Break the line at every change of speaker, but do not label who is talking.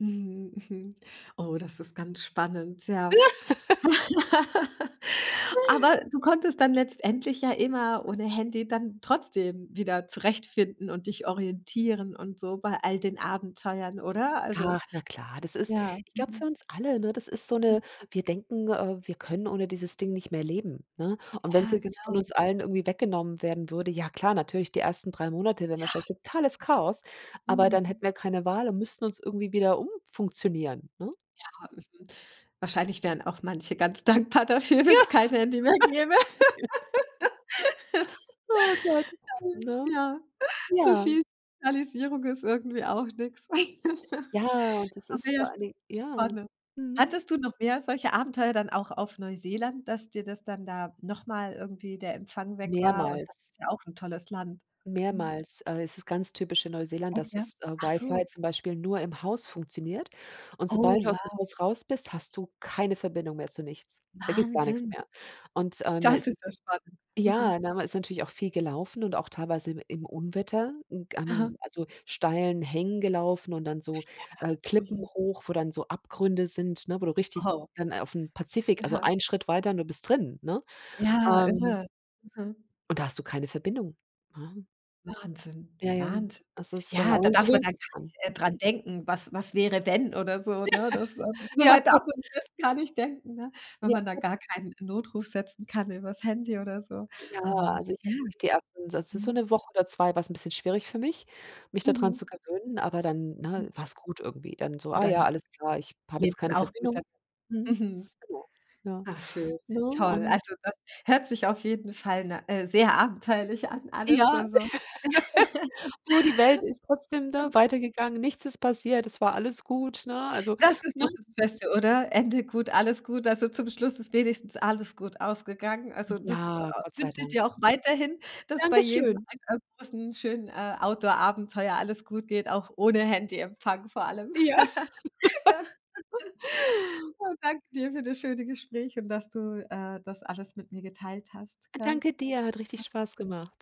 Mhm, oh, das ist ganz spannend, ja. Aber du konntest dann letztendlich ja immer ohne Handy dann trotzdem wieder zurechtfinden und dich orientieren und so bei all den Abenteuern, oder? Also
Ach, na klar, das ist
ja,
ich glaube, für
mhm.
uns alle ne, das ist so
Hm.
'ne wir denken, äh, wir können ohne dieses Ding nicht mehr leben, ne? Und wenn's
Ja,
jetzt von
genau.
uns allen irgendwie weggenommen werden würde, ja klar, natürlich, die ersten 3 Monate wären
Ja.
wahrscheinlich totales Chaos, aber dann
Mhm.
hätten wir keine Wahl und müssten uns irgendwie wieder umfunktionieren, ne?
Ja, mhm, wahrscheinlich wären auch manche ganz dankbar dafür, wenn
Ja,
es kein Handy mehr gäbe.
ja. Oh Gott,
Ähm,
ne.
ja zu
Ja.
viel Digitalisierung ist irgendwie auch nix.
Ja, und das ist vor
[unintelligible]
allen Dingen ja,
spannend.
mhm.
Hattest du noch mehr solche Abenteuer dann auch auf Neuseeland, dass dir das dann da noch mal irgendwie der Empfang weg war und das
Mehrmals.
ist ja auch 'n tolles Land, mhm?
Mehrmals, äh, es ist ganz typisch in Neuseeland,
Echt,
dass
ja?
das WiFi
Achso.
zum Beispiel nur im Haus funktioniert. Und
Oh,
sobald du aus'm
wow.
Haus raus bist, hast du keine Verbindung mehr zu nichts. Da geht gar nix
Wahnsinn!
mehr. Und, ähm
Das
[unintelligible]
ist ja spannend,
ja,
mhm.
na, man ist natürlich auch viel gelaufen und auch teilweise im im Unwetter 'n
Aha.
gan also, steilen Hängen gelaufen und dann so, äh,
Ja,
Klippen
mhm.
hoch, wo dann so Abgründe sind, ne, wo du richtig
Oho.
dann auf'm Pazifik also,
Aha.
einen Schritt weiter und du bist drin, ne,
Ja
ähm
irre, mhm.
und da hast du keine Verbindung, ne?
Wahnsinn,
Ja, ja.
Wahnsinn.
Das ist
Ja,
aber
da
man
darf man
gewöhnt
dann
sich
gar
dran.
nicht, äh, dran denken, was was wäre denn oder so,
Ja,
ne? Das, äh
ja,
soweit darf
gut.
man das gar nicht denken, ne? Wenn
Ja
man da
gut.
gar keinen Notruf setzen kann übers Handy oder so.
Ja,
Aber
also, ich
ja,
habe wirklich die 1. also, so
mhm?
1 Woche oder 2 war es 'n bisschen schwierig für mich, mich da dran
Mhm.
zu gewöhnen. Aber dann, ne,
Hm.
war es gut irgendwie. Dann so:
Und
„Ah ja,
dann
alles klar, ich habe jetzt
lebt
keine
man auch gut dann,
Verbindung“ Mhm,
mhm.
genau. Ja.
Ach schön,
Ne?
toll.
Und
Also, das hört sich auf jeden Fall na äh, sehr abenteuerlich an alles,
Ja,
so so
nur die Welt ist trotzdem, da
Ähm.
weitergegangen, nichts ist passiert, es war alles gut, ne, also
Das ist
ne?
doch das Beste, oder? Ende gut, alles gut. Also, zum Schluss ist wenigstens alles gut ausgegangen. Also, das, äh,
Ja, Gott sei
wünsche ich dir
Dank.
auch weiterhin, dass bei
Danke
jedem
schön.
ein äh, großen, schönen, äh, Outdoor Abenteuer alles gut geht, auch ohne Handyempfang vor allem,
Ja.
ja. Oh, danke dir für das schöne Gespräch und dass du, äh, das alles mit mir geteilt hast, gell?
Danke dir, hat richtig
A
Spaß gemacht.